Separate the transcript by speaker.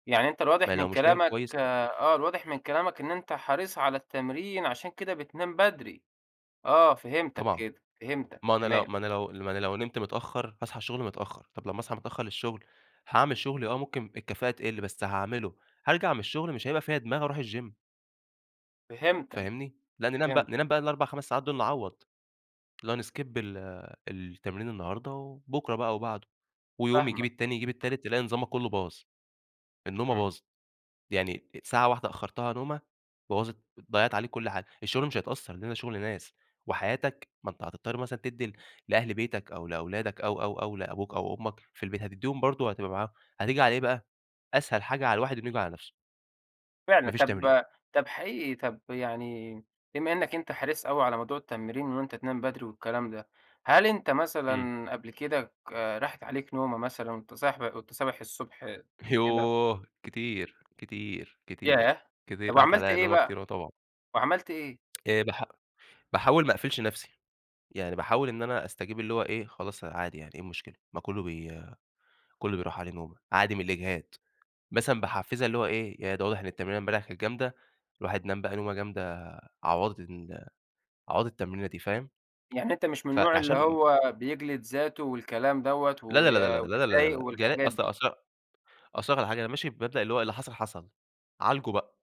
Speaker 1: يعني أنت
Speaker 2: ما
Speaker 1: الواضح من
Speaker 2: لو مش نايم
Speaker 1: كلامَك
Speaker 2: كويس
Speaker 1: آه، الواضح من كلامَك إن أنت حريص على التمرين عشان كده بتنام بدري، آه، فهمتَك
Speaker 2: طبعًا،
Speaker 1: كده، فهمتَك،
Speaker 2: ما أنا لو
Speaker 1: تمام.
Speaker 2: ما أنا لو ما أنا لو نمت متأخر هاصحي الشغل متأخر، طَب لمّا أصحى متأخر للشغل هاعمل شغلي آه، ممكن الكفائة تقل بس هاعمله، هارجع من الشغل مش هيبقى فيا دماغ أروح الgym.
Speaker 1: فهمتك،
Speaker 2: فاهمني، لا ننام بقى
Speaker 1: فهمتك.
Speaker 2: ننام بقى ال4 5 ساعات دول نعوّض اللي هو نskip ال التمرين النهاردة وبُكرة بقى أو بعده ويوم يجيب
Speaker 1: فاهمَك.
Speaker 2: التاني يجيب التالت، تلاقي نظامَك كُلّه باظ، النومة
Speaker 1: إمم.
Speaker 2: باظت يعني ساعة واحدة أخرّتها نومة بوظت ضيعت عليك كل حاجة الشغل مش هيتأثر، لأن ده شغل ناس وحياتَك ما أنت هتضطر مثلًا تدّي لأهل بيتَك أو لأولادَك أو، أو، أو، لأبوك أو أمَّك في البيت هتدّيهم برضه هتبقى معاهم هتيجي علي إيه بقى أسهل حاجة على الواحد إنه ييجي على نفسه. ما
Speaker 1: فعلًا،
Speaker 2: فيش تمرين.
Speaker 1: طَب طَب حقيقي طَب يعني بما إنَّك أنت حريص أوي على موضوع التمرين وإن أنت تنام بدري والكلام ده، هل أنت
Speaker 2: إمم.
Speaker 1: مثلًا قبل كده راحت عليك نومة مثلًا وأنت صاحب وأنت صابح الصُبح كده؟
Speaker 2: يوه! كتير، كتير، كتير،
Speaker 1: ياه! طَب
Speaker 2: كتير، راحت
Speaker 1: وعملت
Speaker 2: عليّا
Speaker 1: إيه
Speaker 2: نومة
Speaker 1: بقى؟
Speaker 2: كتير، آه طبعًا.
Speaker 1: وعملت إيه؟
Speaker 2: إيه باح باحاول ما أقفلش نفسي، يعني باحاول إن أنا أستجيب اللي هو إيه خلاص عادي يعني ايه المشكلة ما كُلّه ب كُلّه بيروح عليه نومة، عادي من الإجهاد، مثلًا باحفزها اللي هو إيه يعني ده واضح إن التمرينة امبارح كانت جامدة الواحد نام بقى نومة جامدة عوضت ال عوضت التمرينة دي فاهم.
Speaker 1: يعني أنت مش من النوع اللي
Speaker 2: فعشان
Speaker 1: هو بيجلد ذاته والكلام دوّة،
Speaker 2: لا،
Speaker 1: و
Speaker 2: لا، لا، لا، لا،
Speaker 1: ويضايق
Speaker 2: لا، ج
Speaker 1: والحاجات
Speaker 2: أص
Speaker 1: دي.
Speaker 2: أص أصل هاقول لَك علي حاجة ماشي بمبدأ اللي هو اللي حصل حصل، عالجه بقى.